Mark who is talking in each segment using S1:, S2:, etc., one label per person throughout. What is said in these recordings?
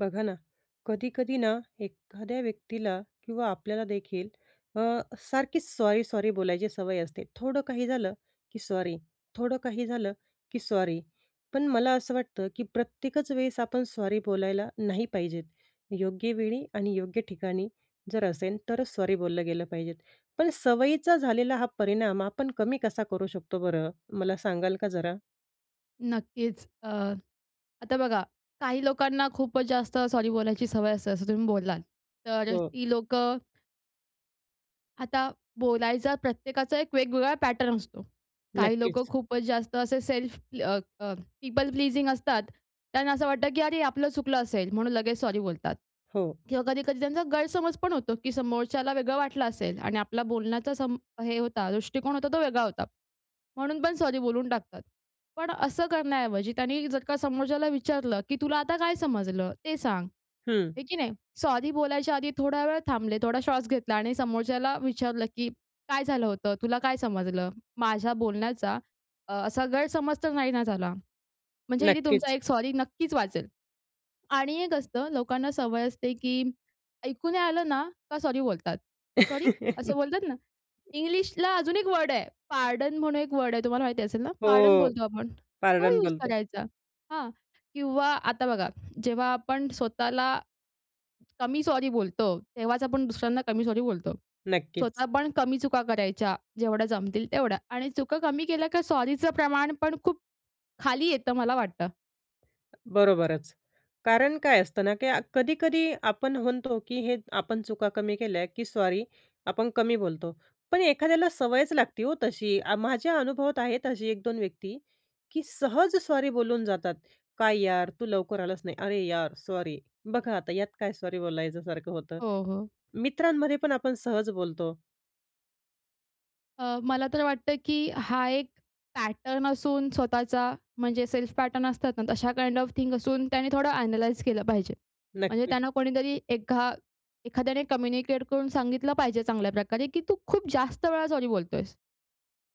S1: बघा ना, कधी-कधी ना एखाद्या व्यक्तीला किंवा आपल्याला देखील अ, सारखीच सॉरी-सॉरी बोलायची सवय असते. थोडं काही झालं की सॉरी, थोडं काही झालं की सॉरी. पण मला असं वाटतं की प्रत्येकच वेळेस आपण सॉरी बोलायला नाही पाहिजेत. योग्य वेळी आणि योग्य ठिकाणी जर असेल तरच सॉरी बोललं गेलं पाहिजेल. पण सवयीचा झालेला हां परिणाम आपण कमी कसा करू शकतो बरं, मला सांगाल का जरा?
S2: नक्कीच. अ, आता बघा, काही लोकांना खूपच जास्त सॉरी बोलायची सवय असते असं तुम्ही बोललात. तर
S1: हो.
S2: ती लोकं आता बोलायचा प्रत्येकाचा एक वेगवेगळा पॅटर्न असतो. काही लोकं
S1: नक्कीच.
S2: खूपच जास्त असे सेल्फ अ, अ, पीपल प्लीजिंग असतात. त्यांना असं वाटतं की "अरे आपलं चुकलं असेल." म्हणून लगेच सॉरी बोलतात.
S1: हो.
S2: किंवा कधी-कधी त्यांचा गैरसमजपण होतो की समोरच्याला वेगळं वाटलं असेल आणि आपला बोलण्याचा सम हे होता, दृष्टिकोन होता तो वेगळा होता. म्हणून पण सॉरी बोलून टाकतात. पण असं करण्याऐवजी त्यांनी जर का समोरच्याला विचारलं की "तुला आता काय समजलं ते सांग."
S1: हम्म.
S2: आहे की नाही? सॉरी बोलायच्या आधी थोडा वेळ थांबले, थोडा श्वास घेतला आणि समोरच्याला विचारलं की "काय झालं होतं? तुला काय समजलं? माझ्या बोलण्याचा अ, असा गैरसमज तर नाही ना झाला." म्हणजे हे तुमचा
S1: नक्कीच.
S2: 1 सॉरी नक्कीच वाचेल. आणि एक असतं लोकांना सवय असते की ऐकू नाही आलं ना, का सॉरी बोलतात. "सॉरी" असं बोलतात ना. इंग्लिशला अजून 1 वर्ड आहे पार्डन म्हणून 1 वर्ड आहे. तुम्हाला माहिती असेल ना, पार्डन
S1: हो,
S2: बोलतो आपण. तो
S1: पार्डन
S2: यूज
S1: बोलतो.
S2: करायचा हां किंवा आता बघा जेव्हा आपण स्वतःला कमी सॉरी बोलतो, तेव्हाच आपण दुसऱ्यांना कमी सॉरी बोलतो.
S1: नक्कीच.
S2: स्वतः पण कमी चुका करायच्या जेवढ्या जमतील तेवढ्या आणि चुका कमी केल्या का सॉरीचं प्रमाण पण खूप खाली येतं मला वाटतं.
S1: बरोबरच. कारण काय असतं ना, की कधी-कधी आपण म्हणतो, की हे आपण चुका कमी केल्या, की सॉरी आपण कमी बोलतो. पण एखाद्याला सवयच लागते हो तशी. माझ्या अनुभवात आहेत अशी 1, 2 व्यक्ती, की सहज सॉरी बोलून जातात. "काय यार तू लवकर आलास नाही." "अरे यार सॉरी." बघा आता यात काय सॉरी बोलायच्यासारखं होतं.
S2: हो, हो.
S1: मित्रांमध्ये पण आपण सहज बोलतो.
S2: अ, मला तर वाटतं, की हा एक पॅटर्न असून स्वतःचा, म्हणजे सेल्फ पॅटर्न असतात ना तशा काइंड ऑफ थिंग असून त्याने थोडं ॲनलाइज केलं पाहिजे. म्हणजे
S1: नक्कीच.
S2: त्यांना कोणीतरी एका एखाद्याने कम्युनिकेट करून सांगितलं पाहिजे चांगल्या प्रकारे, की तू खूप जास्त वेळा सॉरी बोलतोयेस.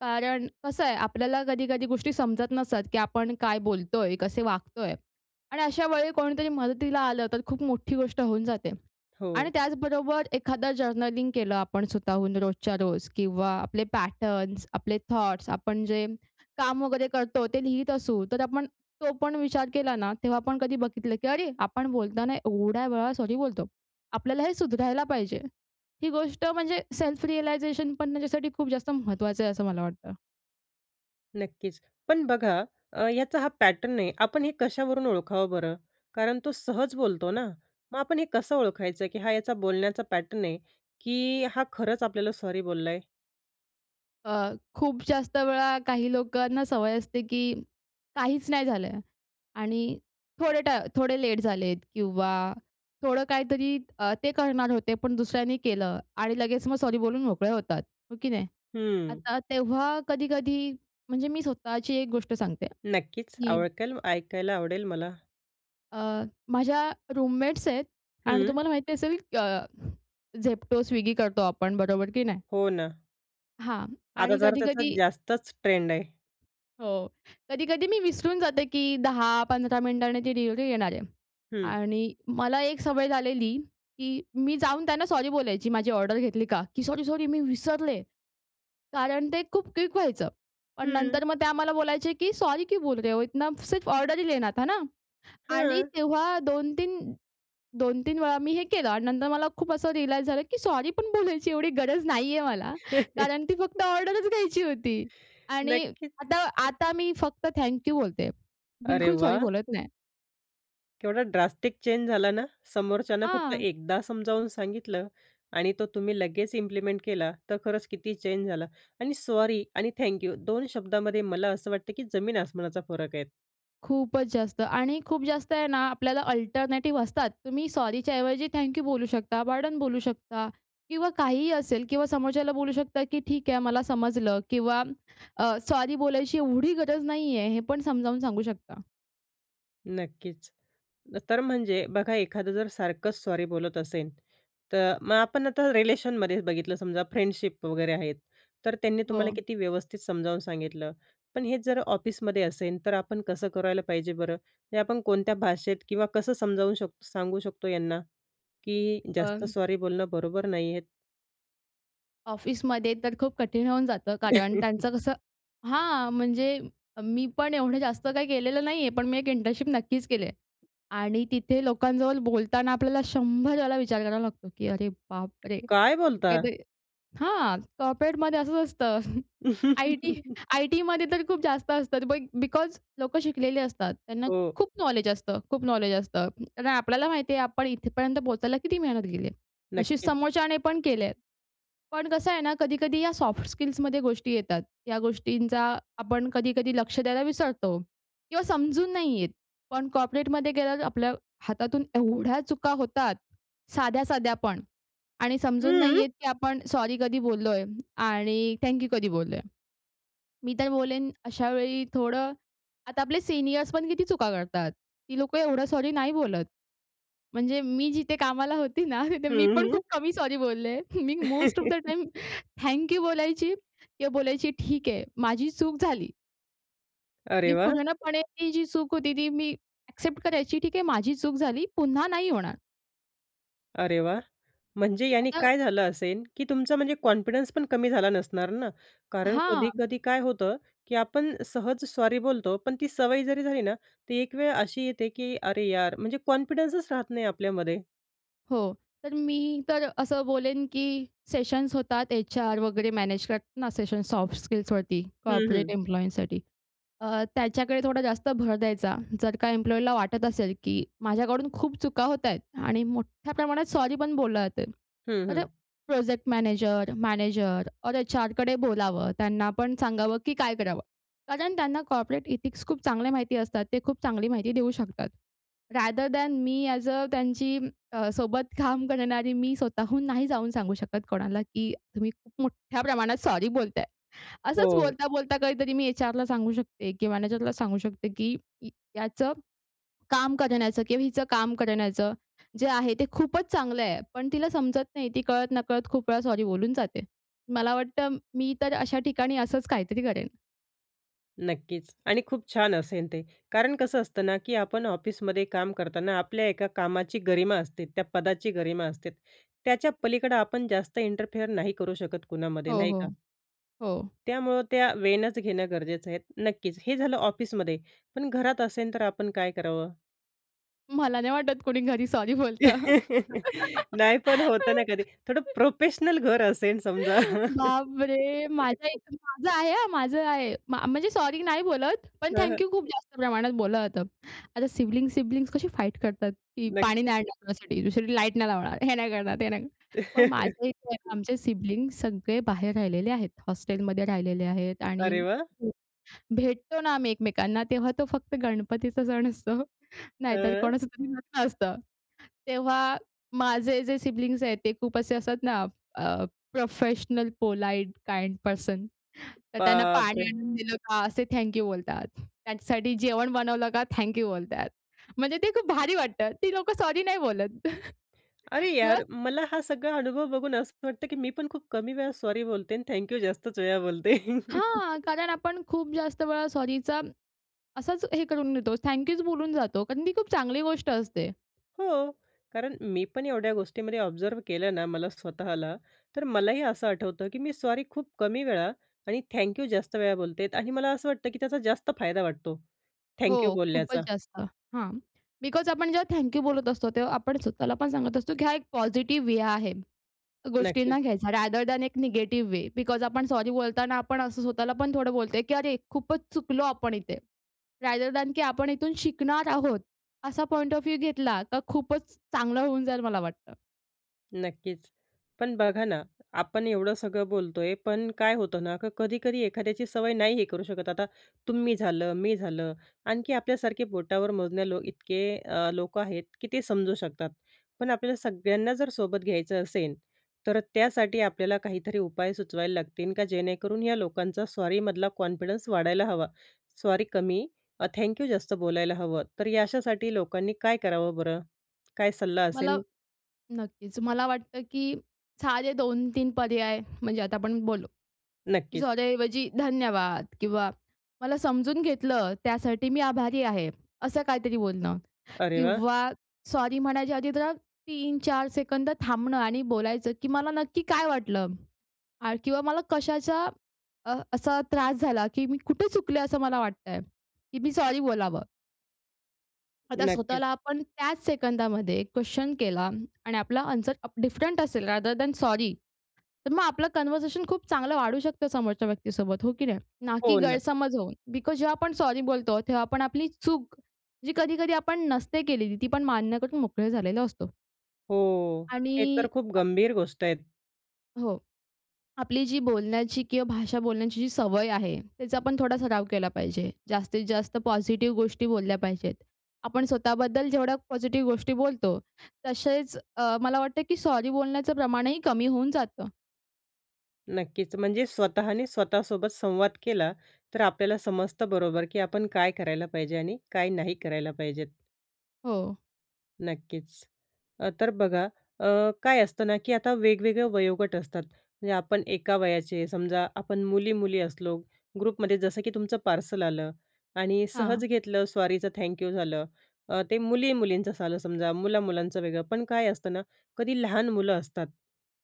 S2: कारण कसं आहे, आपल्याला कधी-कधी गोष्टी समजत नसतात, की आपण काय बोलतोय, कसे वागतोय. आणि अशा वेळी कोणीतरी मदतीला आलं, तर खूप मोठी गोष्ट होऊन जाते. आणि
S1: हो.
S2: त्याचबरोबर एखादं जर्नलिंग केलं आपण स्वतःहून रोजच्या रोज किंवा आपले पॅटर्न्स, आपले थॉट्स, आपण जे, काम वगैरे करतो, ते लिहीत असू तर आपण तो पण विचार केला ना, तेव्हा आपण कधी बघितलं, की अरे आपण बोलताना एवढ्या वेळा सॉरी बोलतो. आपल्याला हे सुधरायला पाहिजे. ही गोष्ट म्हणजे सेल्फ रियलाईझेशन पण त्याच्यासाठी खूप जास्त महत्त्वाचं आहे असं मला वाटतं.
S1: नक्कीचं. पण बघा, अ, याचा हा पॅटर्न आहे. आपण हे कशावरून ओळखावं बरं? कारण तो सहज बोलतो ना. मग आपण हे कसं ओळखायचं? की हा याचा बोलण्याचा पॅटर्न आहे, की हा खरंच आपल्याला सॉरी बोलला आहे.
S2: अ, खूप जास्त वेळा काही लोकांना सवय असते की काहीचं नाही झालं आणि थोडे ट थोडे लेट झालेत किंवा थोडं काहीतरी अ, ते करणार होते पण दुसऱ्यांनी केलं आणि लगेच मग सॉरी बोलून मोकळे होतात. हो की नाही?
S1: हम्म.
S2: आता तेव्हा कधी-कधी म्हणजे मी स्वतःची एक गोष्ट सांगते,
S1: नक्कीचं.
S2: की.
S1: आवडेल ऐकायला आवडेल मला.
S2: अ, माझ्या रूममेट्स आहेत आणि
S1: हं.
S2: तुम्हाला माहिती असेल क अ, Zepto, Swiggy करतो आपण बरोबर की नाही?
S1: हो ना.
S2: हां.
S1: आता
S2: आणि
S1: जरा त्याचा
S2: कधी-कधी
S1: जास्तचं ट्रेंड आहे.
S2: हो. कधी-कधी मी विसरून जाते, की 10 15 मिनिटांनी ती डिलिव्हरी येणार आहे.
S1: हं.
S2: आणि मला एक सवय झालेली, की मी जाऊन त्यांना सॉरी बोलायची. माझी ऑर्डर घेतली का? की सॉरी-सॉरी मी विसरले. कारण ते खूप क्विक व्हायचं. पण
S1: हं.
S2: नंतर मग ते आम्हाला बोलायचे की सॉरी सॉरी क्यू बोल रहे हो इतना? सिर्फ ऑर्डर ही लेना था ना आणि
S1: हां.
S2: तेव्हा 2, 3 2, 3 वेळा मी हे केलं आणि नंतर मला खूप असं रिअलाइज झालं की सॉरी पण बोलायची एवढी गरज नाहीये मला. कारण ती फक्त ऑर्डरचं घ्यायची होती. आणि
S1: नक्कीचं.
S2: आता-आता मी फक्त थँक यू बोलते.
S1: अरे
S2: बिलकुल सॉरी
S1: वाह!
S2: बोलत नाही.
S1: केवढा ड्रास्टिक चेंज झाला ना, समोरच्याला फक्त
S2: हां.
S1: एकदा समजावून सांगितलं आणि तो तुम्ही लगेच इम्प्लिमेंट केला, तर खरंच किती चेंज झाला. आणि सॉरी आणि थँक यू दोन शब्दामध्ये मला असं वाटतं, की जमीन आसमानाचा फरक आहे.
S2: खूपच जास्त. आणि खूप जास्त आहे ना, आपल्याला अल्टरनेटिव्ह असतात. तुम्ही सॉरीच्या ऐवजी थँक यू बोलू शकता, पार्डन बोलू शकता किंवा काहीही असेल किंवा समोरच्याला बोलू शकता, की "ठीक आहे, मला समजलं" किंवा अ, सॉरी बोलायची एवढी गरज नाहीये, हे पण समजावून सांगू शकता.
S1: नक्कीच. तर म्हणजे बघा, एखादं जर सारखंच सॉरी बोलत असेल. तर मग आपण आता रिलेशनमध्येच बघितलं समजा फ्रेंडशिप वगैरे आहेत, तर त्यांनी तुम्हाला
S2: हो.
S1: किती व्यवस्थित समजावून सांगितलं. पण हेच जर ऑफिसमध्ये असेल, तर आपण कसं करायला पाहिजे बरं? हे आपण कोणत्या भाषेत किंवा कसं समजावू शक सांगू शकतो यांना, की जास्त
S2: पण
S1: सॉरी बोलणं बरोबर नाही आहे?
S2: ऑफिसमध्ये तर खूप कठीण होऊन जातं, कारण त्यांचं कसं हां, म्हणजे मी पण एवढं जास्त काही केलेलं नाहीये, पण मी एक इंटर्नशिप नक्कीच केलीय. आणि तिथे लोकांजवळ बोलताना आपल्याला शंभर वेळला विचार करावा लागतो, की "अरे, बाप रे!"
S1: काय बोलताय?
S2: [unintelligible] हां, कॉर्पोरेटमध्ये असंच असतं. आय-टी आय-टीमध्ये तर खूप जास्त असतात. बट, बिकॉज लोकं शिकलेले असतात. त्यांना
S1: हो.
S2: खूप नॉलेज असतं खूप नॉलेज असतं. हं, आपल्याला माहिती आहे आपण इथेपर्यंत पोहचायला किती मेहनत गेलीय. तशी
S1: नक्कीच.
S2: समोरच्यांने पण केले आहेत. पण कसं आहे ना, कधी-कधी या सॉफ्ट स्किल्समध्ये गोष्टी येतात. या गोष्टींचा आपण कधी-कधी लक्ष द्यायला विसरतो किंवा समजून नाही येत. पण कॉर्पोरेटमध्ये गेल्यावर, आपल्या हातातून एवढ्या चुका होतात साध्या-साध्यापण आणि
S1: हं,
S2: समजून नाही
S1: हं.
S2: येत, की आपण सॉरी कधी बोललोय आणि थॅंक यू कधी बोललोय. मी तर बोलेन अशा वेळी थोडं आता आपले सिनिअर्स पण किती चुका करतात. ती लोकं एवढं सॉरी नाही बोलत. म्हणजे मी जिथे कामाला होती ना, तिथे
S1: हं,
S2: मी पण खूप
S1: हं.
S2: कमी सॉरी बोलले. मी most of the time thank you बोलायची किंवा बोलायची, "ठीक आह, माझी चूक झाली."
S1: अरे,
S2: मी
S1: वाह!
S2: पूर्णपणे ही जी चूक होती, ती मी ॲक्सेप्ट करायची, "ठीक आहे, माझी चूक झाली, पुन्हा नाही होणार."
S1: अरे, वाह! म्हणजे याने
S2: आता
S1: काय झालं असेल, की तुमचा म्हणजे कॉन्फिडन्स पण कमी झाला नसणार ना, कारण
S2: हां.
S1: कधी-कधी काय होतं, की आपण सहज सॉरी बोलतो, पण ती सवय जरी झाली ना, ती एक वेळ अशी येते की "अरे, यार!" म्हणजे कॉन्फिडन्सच राहत नाही आपल्यामध्ये.
S2: हो. तर मी तर असं बोलेन की सेशन्स होतात. एच-आर वगैरे मॅनेज करतात ना सेशन्स सॉफ्ट स्किल्सवरती,
S1: हं,
S2: कॉर्पोरेट
S1: हं.
S2: एम्प्लॉइजसाठी अ, त्याच्याकडे थोडा जास्त भर द्यायचा. जर का एम्प्लॉयला वाटत असेल, की माझ्याकडून खूप चुका होत आहेत आणि मोठ्या प्रमाणात सॉरी पण बोललं जातंय.
S1: हं,
S2: तर
S1: हं.
S2: प्रोजेक्ट मॅनेजर, मॅनेजर ओर एच-आरकडे बोलावं, त्यांनापण सांगावं की काय करावं? कारण त्यांना कॉर्पोरेट इथिक्स खूप चांगल्या माहिती असतात. ते खूप चांगली माहिती देऊ शकतात. रादर दॅन मी ऍज अ त्यांची अ, सोबत काम करणारी मी स्वतःहून नाही जाऊन सांगू शकत कोणाला, की तुम्ही खूप मोठ्या प्रमाणात सॉरी बोलताय. असंच
S1: हो.
S2: बोलता-बोलता काहीतरी मी एच-आरला सांगू शकते किंवा मॅनेजरला सांगू शकते, की याचं काम करण्याचं किंवा हिचं काम करण्याचं, जे आहे ते खूपच चांगलं आहे. पण तिला समजत नाही. ती कळत-नकळत खूप वेळा सॉरी बोलून जाते. मला वाटतं, मी तर अशा ठिकाणी असंच काहीतरी करेन.
S1: नक्कीचं. आणि खूप छान असेल ते. कारण कसं असतं ना? की आपण ऑफिसमध्ये काम करताना, आपल्या एका कामाची गरिमा असते, त्या पदाची गरिमा असते. त्याच्या पलीकडं आपण जास्त इंटरफेअर नाही करू शकत कुणामध्ये
S2: हो,
S1: नाही का?
S2: हो, हो.
S1: त्यामुळं त्या वेनंच घेणं गरजेचं आहे. नक्कीचं हे झालं ऑफिसमध्ये. पण घरात असेन तर आपण काय करावं?
S2: मला नाही वाटत कोणी घरी सॉरी बोलत.
S1: नाही. पण होतं ना कधी. थोडं प्रोफेशनल घर असेल समजा.
S2: बापरे! माझ्या इथे माझं आहे हां, माझं आहे. म म्हणजे सॉरी नाही बोलत. पण
S1: हं,
S2: थँक
S1: हं.
S2: यू खूप जास्त प्रमाणात बोललं जातं. आता सिबलिंग-सिबलिंग कशी फाईट करतात? की पाणी
S1: नक्कीचं.
S2: नाही आणणार तुझ्यासाठी, तुझ्यासाठी लाईट नाही लावणार, हे नाही करणार, ते नाही करणार. पण माझ्या इथे आमचे सिबलिंग्स सगळे बाहेर राहिलेले आहेत. हॉस्टेलमध्ये राहिलेले आहेत आणि
S1: अरे वाह!
S2: [unintelligible] भेटतो ना, आम्ही एकमेकांना तेव्हा तो फक्त गणपतीचा सण असतो. नाहीतर
S1: हं, अ.
S2: कोणाचं तरी लग्न असतं. तेव्हा माझे जे सिबलिंग आहेत. ते खूप असे असतात ना आह, प्रोफेशनल पोलाईट काइंड पर्सन, तर त्यांना पाणी
S1: बापरे!
S2: आणून दिलं का असे थँक यू बोलतात. त्यांच्यासाठी जेवण बनवलं का थँक यू बोलतात. म्हणजे ते खूप भारी वाटतात. ती लोकं सॉरी नाही बोलत.
S1: अरे
S2: किंवा
S1: यार. मला हा सगळा अनुभव बघून असं वाटतं, की मी पण खूप कमी वेळा सॉरी बोलते आणि थँक्यू जास्तचं वेळा बोलते.
S2: हां, कारण आपण खूप जास्त वेळा सॉरीचा असाचं हे करून देतो. थँक यूचं बोलून जातो. कारण ती खूप चांगली गोष्ट असते.
S1: हो. कारण मी पण एवढ्या गोष्टींमध्ये ऑब्झर्व्ह केलं ना मला स्वतःला. तर मलाही असं आठवतं की मी सॉरी खूप कमी वेळा आणि थँक्यू जास्त वेळा बोलते आणि मला असं वाटतं की त्याचा जास्त फायदा वाटतो थँक्यू
S2: हो, खूपचं
S1: बोलण्याचा.
S2: जास्त. हां. बिकॉज आपण जेव्हा थँक यू बोलत असतो, तेव्हा आपण स्वतःला पण सांगत असतो, की हा एक पॉझिटिव्ह वे आहे
S1: नक्कीचं.
S2: गोष्टींना घ्यायचा, रादर दॅन एक निगेटिव्ह वे. बिकॉज आपण सॉरी बोलताना आपण असं स्वतःला पण थोडं बोलतोय की अरे, खूपचं चुकलो आपण इथे. रादर दॅन की आपण इथून शिकणार आहोत असा पॉइंट ऑफ व्ह्यू घेतला तर खूपचं चांगलं होऊन जाईल मला वाटतं.
S1: नक्कीच. पण बघा ना, आपण एवढं सगळं बोलतोय, पण काय होतं ना, की कधी-कधी एखाद्याची सवय नाही हे करू शकत. आता तुम्ही झालं, मी झालं आणखी आपल्यासारखे बोटावर मोजण्या लोक इतके अ, लोकं आहेत, की ते समजू शकतात. पण आपल्याला सगळ्यांना जर सोबत घ्यायचं असेल, तर त्यासाठी आपल्याला काहीतरी उपाय सुचवायला लागतील, का जेणेकरून, या लोकांचा सॉरीमधला कॉन्फिडन्स वाढायला हवा. सॉरी कमी, अ, थँक्यू जास्त बोलायला हवं. तर या अशासाठी लोकांनी काय करावं बरं? काय सल्ला
S2: मला
S1: असेल?
S2: नक्कीच. मला वाटतं, की साधे 2-3 पर्याय म्हणजे आता आपण बोललो, की
S1: नक्कीच.
S2: सॉरी ऐवजी धन्यवाद किंवा मला समजून घेतलं, त्यासाठी मी आभारी आहे. असं काहीतरी बोलणं
S1: अरे वाह!
S2: किंवा सॉरी म्हणायच्या आधी जरा 3-4 सेकंद थांबणं आणि बोलायचं, की मला नक्की काय वाटलं? अ, किंवा मला कशाचा अ, असा त्रास झाला, की मी कुठे चुकले? असं मला वाटतंय की मी सॉरी बोलावं. आता
S1: नक्कीच.
S2: स्वतःला आपण त्याच सेकंदामध्ये क्वेश्चन केला आणि आपला आन्सर उप डिफरंट असेल रादर दॅन सॉरी. तर मग आपलं कन्व्हर्शन खूप चांगलं वाढू शकतं समोरच्या व्यक्तीसोबत. हो की नाही? ना की
S1: हो ना.
S2: गैरसमज होऊन. बिकॉज जेव्हा आपण सॉरी बोलतो, तेव्हा आपण आपली चूक, जी कधी-कधी आपण नसते केलेली, ती पण मान्य करून मोकळे झालेला असतो.
S1: हो,
S2: आणि
S1: हे तर खूप
S2: अ
S1: गंभीर गोष्ट आहे.
S2: हो, आपली जी बोलण्याची किंवा भाषा बोलण्याची जी सवय आहे त्याचा आपण थोडा सराव केला पाहिजे. जास्तीत जास्त पॉझिटिव्ह गोष्टी बोलल्या पाहिजेत. आपण स्वतःबद्दल जेवढ्या पॉझिटिव्ह गोष्टी बोलतो, तसेच अ, मला वाटतं की सॉरी बोलण्याचं प्रमाणही कमी होऊन जातं.
S1: नक्कीच, म्हणजे स्वतःने स्वतःसोबत संवाद केला तर आपल्याला समजतं बरोबर की आपण काय करायला पाहिजे? आणि काय नाही करायला पाहिजेत?
S2: हो.
S1: नक्कीच. अ, तर बघा अ, काय असतं ना की आता वेगवेगळं वयोगट असतात. म्हणजे आपण एका वयाचे समजा आपण मुली-मुली असलो ग्रुपमध्ये जसं की तुमचं पार्सल आलं आणि
S2: हां.
S1: सहज घेतलं. सॉरीचं थँक्यू झालं. अ, ते मुली-मुलींचं आलं समजा, मुला-मुलांचं वेगळं. पण काय असतं ना, कधी लहान मुलं असतात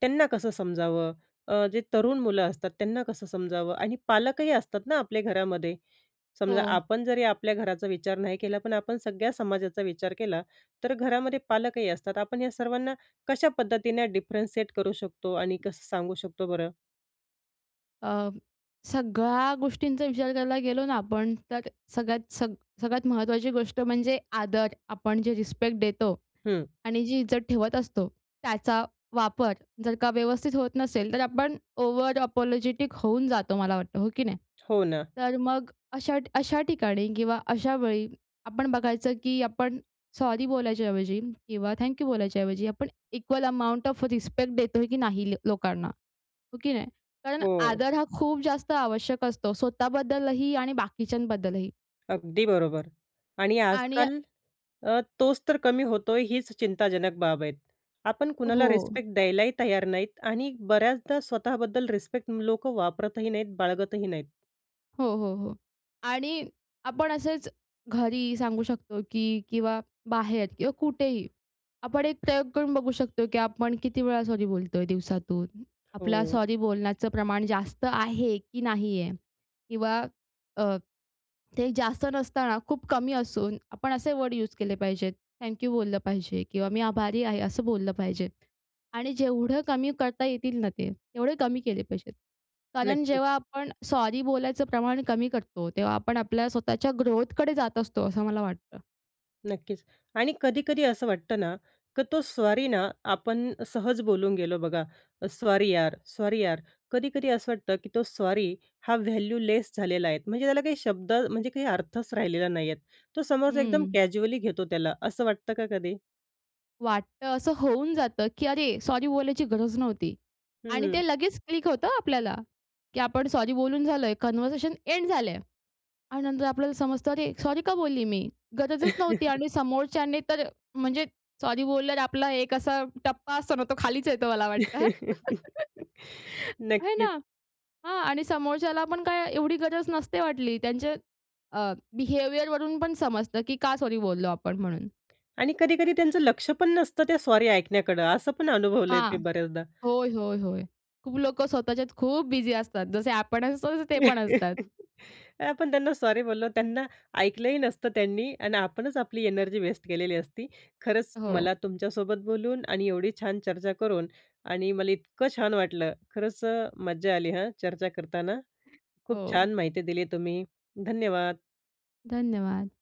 S1: त्यांना कसं समजावं? अ, जे तरुण मुलं असतात त्यांना कसं समजावं? आणि पालकही असतात ना आपल्या घरामध्ये. समजा
S2: हो.
S1: आपण जरी आपल्या घराचा विचार नाही केला, पण आपण सगळ्या समाजाचा विचार केला तर घरामध्ये पालकही असतात. आपण या सर्वांना कशा पद्धतीने डिफरन्सिएट करू शकतो आणि कसं सांगू शकतो बरं?
S2: अ, सगळ्या गोष्टींचा विचार करायला गेलो ना, आपण, तर सगळ्यात सग सगळ्यात महत्त्वाची गोष्ट म्हणजे आदर. आपण जे रिस्पेक्ट देतो.
S1: हं.
S2: आणि जी इज्जत ठेवत असतो, त्याचा वापर जर का व्यवस्थित होत नसेल, तर आपण ओव्हर अपोलॉजिटिक होऊन जातो, मला वाटतं, हो की नाही?
S1: हो ना.
S2: तर मग अशा अशा ठिकाणी किंवा अशा वेळी, आपण बघायचं, की आपण सॉरी बोलायच्याऐवजी किंवा थँक्यू बोलायच्याऐवजी, आपण इक्वल अमाउंट ऑफ रिस्पेक्ट देतोय, की नाही ल लोकांना, हो की नाही? कारण
S1: हो.
S2: आदर हा खूप जास्त आवश्यक असतो. स्वतःबद्दलही आणि बाकीच्यांबद्दलही.
S1: अगदी बरोबर. आणि
S2: आणि अ
S1: आजकाल अ, तोच तर कमी होतोय, हीच चिंताजनक बाब आहे. आपण कुणाला
S2: हो.
S1: रिस्पेक्ट द्यायलाही तयार नाहीत आणि बऱ्याचदा स्वतःबद्दल रिस्पेक्ट लोकं वापरतही नाहीत, बाळगतही नाहीत.
S2: हो, हो, हो. आणि आपण असेच घरी सांगू शकतो, की किंवा बाहेर किंवा कुठेही, आपण एक प्रयोग करून बघू शकतो, की आपण किती वेळा सॉरी बोलतोय दिवसातून. आपला
S1: हो.
S2: सॉरी बोलण्याचं प्रमाण जास्त आहे, की नाही आहे. किंवा अ, ते जास्त नसताना खूप कमी असून, आपण असे वर्ड यूज केले पाहिजेत, थँक्यू बोललं पाहिजे. किंवा मी आभारी आहे, असं बोललं पाहिजे. आणि जेवढं कमी करता येतील ना, ते तेवढे कमी केले पाहिजेत. कारण
S1: नक्कीच.
S2: जेव्हा आपण सॉरी बोलायचं प्रमाण कमी करतो, तेव्हा आपण आपल्या स्वतःच्या ग्रोथकडे जात असतो, असं मला वाटतं.
S1: नक्कीच. आणि कधी-कधी असं वाटतं ना, की तो सॉरी ना, आपण सहज बोलून गेलो बघा, अ, सॉरी यार, सॉरी यार. कधी-कधी असं वाटतं, की तो सॉरी हा व्हॅल्यूलेस झालेला आहे, म्हणजे त्याला काही शब्द म्हणजे काही अर्थच राहिलेला नाही आहे. तो समोरचा एकदम
S2: हंम्म.
S1: कॅज्युअली घेतो त्याला असं वाटतं, का कधी?
S2: वाटतं, असं होऊन जातं, की अरे, सॉरी बोलायची गरज नव्हती. आणि
S1: हं.
S2: ते लगेच क्लिक होतं आपल्याला, की आपण सॉरी बोलून झालोय, कन्व्हर्सेशन एंड झालंय. आणि नंतर आपल्याला समजतं, अरे, सॉरी का बोलली मी? गरजच नव्हती. आणि समोरच्याने तर म्हणजे सॉरी बोलल्यावर, आपला एक असा टप्पा असतो ना, तो खालीच येतो, मला वाटतं. आहे ना.
S1: नक्कीच.
S2: हां. आणि समोरच्याला पण काय एवढी गरज नसते, वाटली. त्यांचे अ, बिहेवियरवरून पण समजतं, की का सॉरी बोललो आपण म्हणून?
S1: आणि कधी-कधी त्यांचं लक्ष पण नसतं, त्या सॉरी ऐकण्याकडं, असं पण अनुभवलं ते
S2: हां.
S1: बऱ्याचदा.
S2: होय, होय, होय. खूप लोकं स्वतःच्यात खूप बिझी असतात, जसे आपण असतो, तसं ते पण असतात.
S1: आपण त्यांना सॉरी बोललो त्यांना ऐकलंही नसतं त्यांनी. आणि आपणच आपली एनर्जी वेस्ट केलेली असती. खरंच,
S2: हो.
S1: मला तुमच्यासोबत बोलून आणि एवढी छान चर्चा करून आणि मला इतकं छान वाटलं. खरंच अ, मज्जा आली, हं, चर्चा करताना. खूप
S2: हो.
S1: छान माहिती दिली तुम्ही. धन्यवाद.
S2: धन्यवाद.